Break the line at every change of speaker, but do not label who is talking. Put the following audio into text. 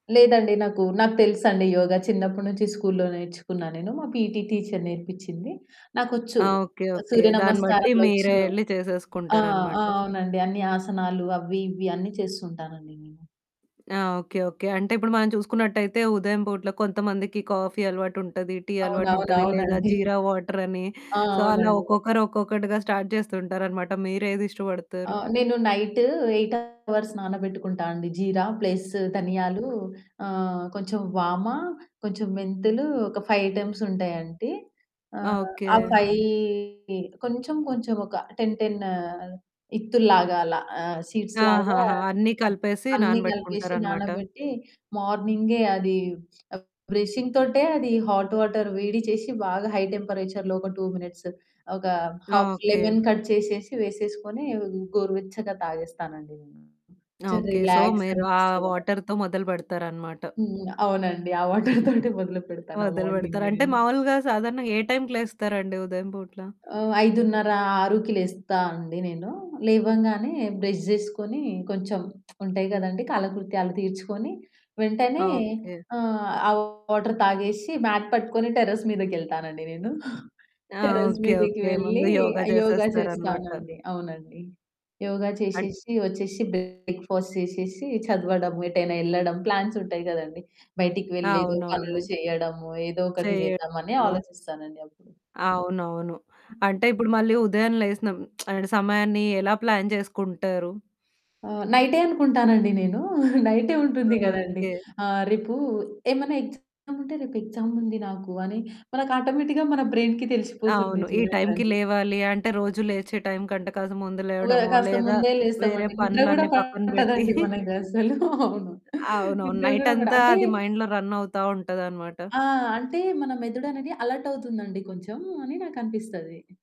లేదండి, నాకు నాకు తెలుసండి యోగా చిన్నప్పటి నుంచి స్కూల్లో నేర్చుకున్నానేను. మా పీటీ టీచర్
హ్మ్.
నేర్పించింది. నాకొచ్చు,
ఆ! ఓకే. ఓకే. దాన్ని బట్టి మీరే
సూర్యనమస్కారాలోచ్చు.
ఎళ్లి
ఆ! ఆ!
చేసేసుకుంటారన్నమాట.
అవునండి. అన్ని ఆసనాలు అవి ఇవి అన్ని చేస్తూంటానండి నేను.
ఆ! ఓకే. ఓకే. అంటే ఇప్పుడు మనం చూసుకున్నట్టయితే ఉదయం పూటలో కొంతమందికి కాఫీ అలవాటు ఉంటది. టీ అలవాటు ఉంటది, లేదా
అవునవునవునండి.
జీరా వాటర్ అని
ఆ!
సో అలా
అవునండి.
ఒక్కొక్కరు ఒక్కొక్కటిగా స్టార్ట్ చేస్తూ ఉంటారన్నమాట మీరేది
ఆ!
ఇష్టపడతారు?
నేను నైట్ 8 హవర్స్ నానబెట్టుకుంటా అండి. జీరా ప్లస్ ధనియాలు, ఆహ్, కొంచెం వామ, కొంచెం మెంతులు, ఒక 5 ఐటెమ్స్ ఉంటాయండి.
ఆ!
ఆహ్,
ఓకే.
ఆ 5 కొంచెం కొంచెం ఒక 10, 10 ఇత్తుల్లాగా అలా సీడ్స్‌లాగా
ఆహాహా! అన్నీ కలిపేసి
అన్నీ కలిపేసి
నానబెట్టుకుంటారనమాట.
నానబెట్టి, మార్నింగే అది బ్రషింగ్‌తోటే అది హాట్ వాటర్ వేడి చేసి బాగా హై టెంపరేచర్‌లో ఒక 2 మినిట్స్ ఒక
ఆ!
Half
okay.
లెమన్ కట్ చేసేసి, వేసేసుకొని గోరువెచ్చగా తాగేస్తానండి నేను.
ఆ! ఓకే. సో
రిలాక్స్
మీరు ఆ
అనిపిస్తుంది.
వాటర్‌తో మొదలు పెడతారన్నమాట.
హ్మ్. అవునండి. ఆ వాటర్ తోటే మొదలు పెడతాను ఆ
మొదలు
మార్నింగ్
పెడతారు. అంటే
నేను.
మామూలుగా సాధారణంగా ఏ టైంకి లేస్తారండి ఉదయం పూట్ల?
ఆ! 5:30, 6 లేస్తా అండి నేను. లేవంగానే బ్రష్ జేసుకొని కొంచెం ఉంటాయి కదండీ కాలకృత్యాలు తీర్చుకొని వెంటనే
ఓకే.
ఆ! వాటర్ తాగేసి మ్యాట్ పట్టుకొని టెర్రస్‌ మీదకెళ్తానండి నేను.
ఆ!
Terrace‌
okay.
మీదకి
ఓకే.
వెళ్లి
ముందు యోగ
యోగా
చేసేస్తారన్నమాట.
చేస్తానండి. అవునండి. యోగా
అన్
చేసేసి వచ్చేసి బ్రేక్‌ఫాస్ట్ చేసేసి చదవడం, ఎటైనా వెళ్ళడం ప్లాన్స్ ఉంటాయి కదండీ. బయటికి
ఆ!
వెళ్లి ఏదో
అవునవును.
పనులు చేయడము, ఏదో ఒకటి చేద్దామని
చేయడమో
ఆలోచిస్తానండి అప్పుడు.
ఆ! అవునవును. అంటే ఇప్పుడు మళ్ళీ ఉదయం లేచి సమయాన్ని ఎలా ప్లాన్ చేసుకుంటారు?
ఆ! నైటే అనుకుంటానండి నేను. నైటే ఉంటుంది కదండీ.
ఓకే.
ఆహ్, రేపు ఏమైనా ఎక్సామ్ ఉంటే రేపు ఎక్సామ్ ఉంది నాకు అని మనకి ఆటోమేటిక్‌గా మన బ్రెయిన్‌కి తెలిసిపోతుంది
అవును. ఈ టైంకి
చూడండి.
లేవాలి అంటే రోజు లేచే టైం కంటే కాస్త ముందు
ఒకేళ
లేవడమో
కాస్త
లేదా
ముందే
వేరే
లేస్తామండి నిద్ర కూడా
పనులన్నీ పక్కన పెట్టి
పట్టదండి మనకస్సలు అవును.
అవునవును.
నిద్ర కూడా పడదు
నైటంతా
అంటే
అది మైండ్‌లో రన్ అవుతా ఉంటదన్నమాట.
ఆ! అంటే మన మెదడనేది అలర్ట్ అవుతుందండి కొంచెం అని నాకు అనిపిస్తది.